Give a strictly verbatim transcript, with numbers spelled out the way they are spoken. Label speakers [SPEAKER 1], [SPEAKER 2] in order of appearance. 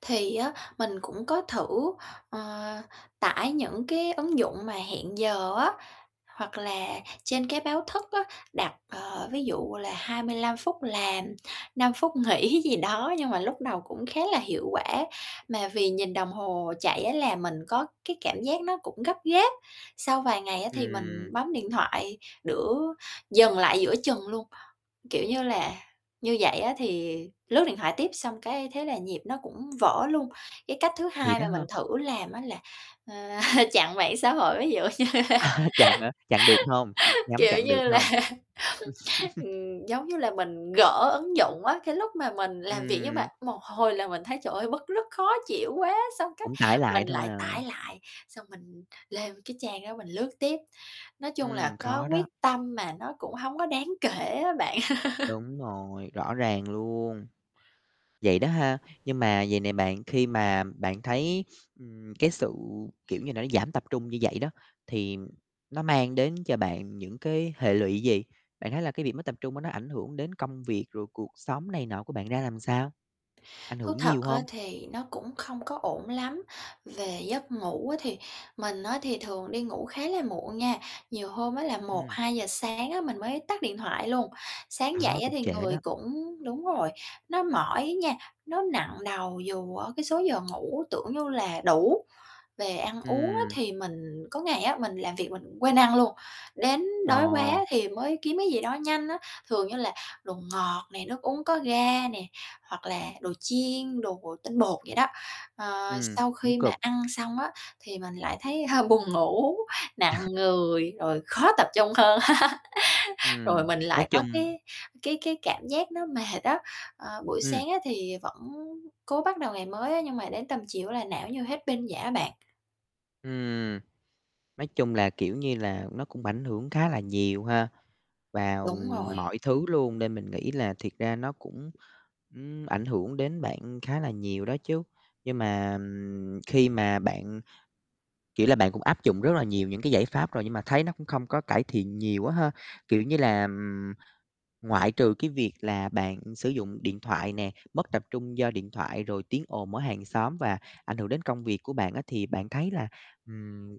[SPEAKER 1] Thì á, mình cũng có thử, ờ, tải những cái ứng dụng mà hẹn giờ á, hoặc là trên cái báo thức á, đặt, ờ, ví dụ là hai mươi lăm phút làm, năm phút nghỉ gì đó. Nhưng mà lúc đầu cũng khá là hiệu quả, mà vì nhìn đồng hồ chạy á, làm mình có cái cảm giác nó cũng gấp gáp, sau vài ngày á thì mình
[SPEAKER 2] Ừm.
[SPEAKER 1] bấm điện thoại đữa dừng lại giữa chừng luôn, kiểu như là, như vậy á thì lướt điện thoại tiếp, xong, cái, thế là nhịp nó cũng vỡ luôn. Cái cách thứ
[SPEAKER 2] Vậy
[SPEAKER 1] hai
[SPEAKER 2] đó
[SPEAKER 1] mà mình
[SPEAKER 2] ha.
[SPEAKER 1] thử làm á là, ờ, chặn mạng xã hội ví dụ
[SPEAKER 2] Chặn hả, chặn được hông, nhắm
[SPEAKER 1] kiểu
[SPEAKER 2] chặn được
[SPEAKER 1] như là
[SPEAKER 2] hông?
[SPEAKER 1] ừm, giống như là, mình gỡ ứng dụng á, cái lúc mà mình làm việc nhưng mà
[SPEAKER 2] Ừm.
[SPEAKER 1] một hồi là mình thấy trời ơi bứt rứt, khó chịu quá, xong, cái,
[SPEAKER 2] Cũng tải
[SPEAKER 1] mình
[SPEAKER 2] lại thôi
[SPEAKER 1] lại tải
[SPEAKER 2] à.
[SPEAKER 1] lại, xong mình lên cái trang đó mình lướt tiếp. Nói chung là,
[SPEAKER 2] Ừm,
[SPEAKER 1] có
[SPEAKER 2] khó
[SPEAKER 1] quyết
[SPEAKER 2] đó.
[SPEAKER 1] tâm mà nó cũng hông có đáng kể á bạn.
[SPEAKER 2] Đúng rồi, rõ ràng luôn. Vậy đó ha. Nhưng mà vầy nè bạn khi mà bạn thấy, ừm, cái sự, kiểu như là, nó giảm tập trung như vậy đó, thì nó mang đến cho bạn những cái hệ lụy gì? Bạn thấy là cái việc mất tập trung á, nó ảnh hưởng đến công việc, rồi cuộc sống này nọ của bạn ra làm sao? Ảnh
[SPEAKER 1] Thú
[SPEAKER 2] hưởng
[SPEAKER 1] thật
[SPEAKER 2] nhiều
[SPEAKER 1] á
[SPEAKER 2] hông?
[SPEAKER 1] thì nó cũng không có ổn lắm, về giấc ngủ á thì mình á thì thường đi ngủ khá là muộn nha, nhiều hôm á là một
[SPEAKER 2] Ừm.
[SPEAKER 1] hai giờ sáng á, mình mới tắt điện thoại luôn, sáng
[SPEAKER 2] Đó,
[SPEAKER 1] dậy á
[SPEAKER 2] cũng
[SPEAKER 1] thì
[SPEAKER 2] trễ
[SPEAKER 1] người
[SPEAKER 2] đó.
[SPEAKER 1] cũng đúng rồi, nó mỏi á nha, nó nặng đầu dù ở cái số giờ ngủ tưởng như là đủ. Về ăn uống á
[SPEAKER 2] Ừm.
[SPEAKER 1] thì mình có ngày á, mình làm việc mình quên ăn luôn, đến
[SPEAKER 2] Ờ.
[SPEAKER 1] đói quá thì mới kiếm cái gì đó nhanh á, thường như là đồ ngọt nè, nước uống có ga nè, hoặc là đồ chiên, đồ tinh bột vậy đó. Ờ,
[SPEAKER 2] Ừm,
[SPEAKER 1] sau
[SPEAKER 2] cũng
[SPEAKER 1] khi mà
[SPEAKER 2] cực.
[SPEAKER 1] ăn xong á thì mình lại thấy hơi buồn ngủ, nặng người, rồi khó tập trung hơn. Rồi
[SPEAKER 2] Ừm,
[SPEAKER 1] mình
[SPEAKER 2] nói
[SPEAKER 1] lại có
[SPEAKER 2] chung
[SPEAKER 1] cái cái cái cảm giác nó mệt á, ờ, buổi
[SPEAKER 2] Ừm.
[SPEAKER 1] sáng á thì vẫn cố bắt đầu ngày mới á, nhưng mà đến tầm chiều á là não như hết pin vậy á bạn.
[SPEAKER 2] Ừm. Nói chung là, kiểu như là, nó cũng ảnh hưởng khá là nhiều ha, vào,
[SPEAKER 1] Đúng
[SPEAKER 2] ừm,
[SPEAKER 1] rồi.
[SPEAKER 2] mọi thứ luôn, nên mình nghĩ là thiệt ra nó cũng, ừm, ảnh hưởng đến bạn khá là nhiều đó chứ. Nhưng mà, ừm, khi mà bạn kiểu là, bạn cũng áp dụng rất là nhiều những cái giải pháp rồi, nhưng mà thấy nó cũng không có cải thiện nhiều á ha. Kiểu như là, ừm, ngoại trừ, cái việc là bạn sử dụng điện thoại nè, mất tập trung do điện thoại, rồi tiếng ồn ở hàng xóm và ảnh hưởng đến công việc của bạn á, thì bạn thấy là, ừm